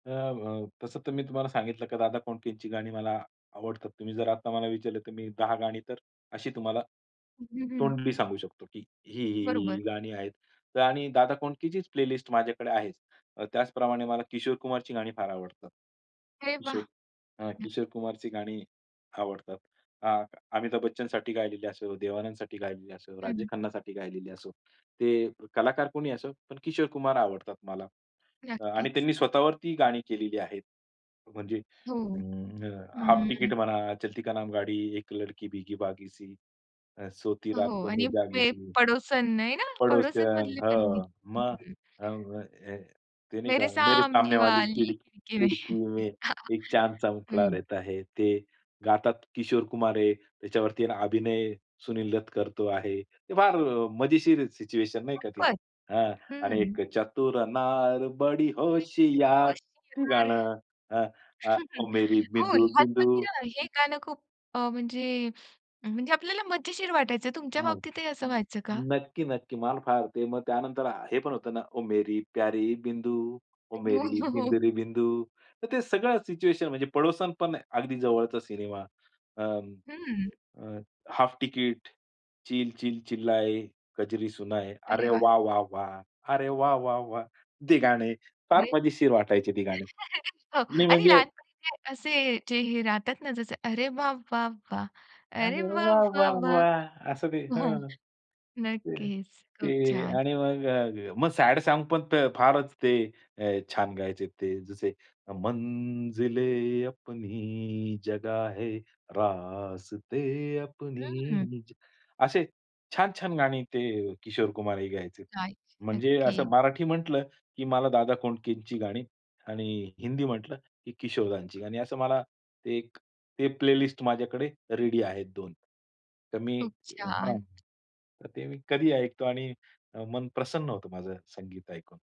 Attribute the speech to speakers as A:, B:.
A: अ, व तसं तर मी तुम्हाला सांगितलं की दादा कोंडकेची गाणी मला आवडतात. तुम्ही जर आता मला विचारलं तर मी 10 गाणी तर अशी तुम्हाला
B: हं, हं.
A: तोंडी सांगू शकतो की ही, ही, ही, ही
B: बरोबर.
A: गाणी आहेत. तर आणि दादा कोंडकेचीच प्लेलिस्ट माझ्याकडे आहेच. त्याचप्रमाणे मला किशोर कुमारची गाणी फार आवडतात.
B: अरे वाह!
A: किशोर अ,
B: हं.
A: किशोर कुमारची गाणी आवडतात. अ, अमिताभ बच्चनसाठी गायलेली असो, देवानंदसाठी गायलेली असो, राजेश
B: हं.
A: खन्नासाठी गायलेली असो, ते कलाकार कोणीही असो पण किशोर कुमार आवडतात मला. आणि
B: नक्कीच.
A: त्यांनी स्वतःवरती गाणी केलेली आहेत. म्हणजे
B: हो.
A: अं, हाल्फ तिकिट
B: हं.
A: म्हणा, चलती का नाम गाडी, एक लडकी भिगी भागीसी सी, अ, सोती
B: हो.
A: रातो मे
B: आणि पे
A: जागीसी.
B: पडोसन नाही ना
A: पडोसन.
B: पडोसनमधले
A: हो, मग
B: [unintelligible]
A: अं, ते नाही
B: मेरे
A: का मेरे सामने वाली
B: सामनेवाली
A: खिडक
B: खिडकी में.
A: खिडकी में एक चांदसा मुखडा
B: हं.
A: रहाता है. ते गातात किशोर कुमार आहे. त्याच्यावरती अभिनय सुनील दत्त करतो आहे. ते फार अ, मजेशीर सिच्युएशन नाही का ती.
B: [unintelligible]
A: हां, आणि
B: हं.
A: एक चतुर नार बडी
B: काहीतरी
A: होशियार.
B: गोष्ट
A: ते
B: येणार.
A: गाणं अ, मेरी
B: हो.
A: बिंदू
B: लहानपणी
A: बिंदू.
B: ना हे गाणं खूप अ, म्हणजे म्हणजे आपल्याला मजेशीर वाटायचं. तुमच्या
A: हं,
B: बाबतीतही असं व्हायचं का?
A: नक्की, नक्की. मला फार ते मग त्यानंतर हे पण होतं ना ओ मेरी प्यारी बिंदू, ओ
B: हो,
A: मेरी
B: हो, हो.
A: बिंदू रे बिंदू. तर ते सगळं सिच्युएशन म्हणजे पडोसन पण अगदी जवळचा सिनेमा अ,
B: हं.
A: अ, हाफ तिकीट, चिल चिल चिल्लाए कजरी सुनाए, अरे
B: अरे वाह!
A: वाह वाह वाह! अरे वाह वाह वाह! ते गाणे फार
B: म्हणजे
A: मजेशीर वाटायचे ते गाणी
B: हो.
A: नाही.
B: आणि
A: म्हणजे
B: लहानपणी काय असे जे हे राहतात ना, जसं अरे वाह, वाह, वाह! अरे
A: अरे
B: वाह,
A: वाह
B: वाह,
A: वाह
B: वाह!
A: वाह! असं ते.
B: हो.
A: हं,
B: नक्कीच. खूप
A: ते
B: छान.
A: आणि मग अ, मग सॅड सॉन्ग पण फारच ते छान गायचे ते. जसे मंजिले अपनी जगह है, रास्ते
B: हं.
A: अपनी जगह असे छान-छान गाणी ते किशोर कुमार ही गायचे.
B: काय?
A: म्हणजे असं
B: नक्कीच.
A: मराठी म्हटलं की मला दादा कोंडकेची गाणी आणि हिंदी म्हटलं की किशोरदांची गाणी. असं मला ते ते प्लेलिस्ट माझ्याकडे रेडी आहेत 2 तर मी
B: खूप
A: हां,
B: छान.
A: तर ते मी कधीही ऐकतो आणि मन प्रसन्न होतं माझं संगीत ऐकून.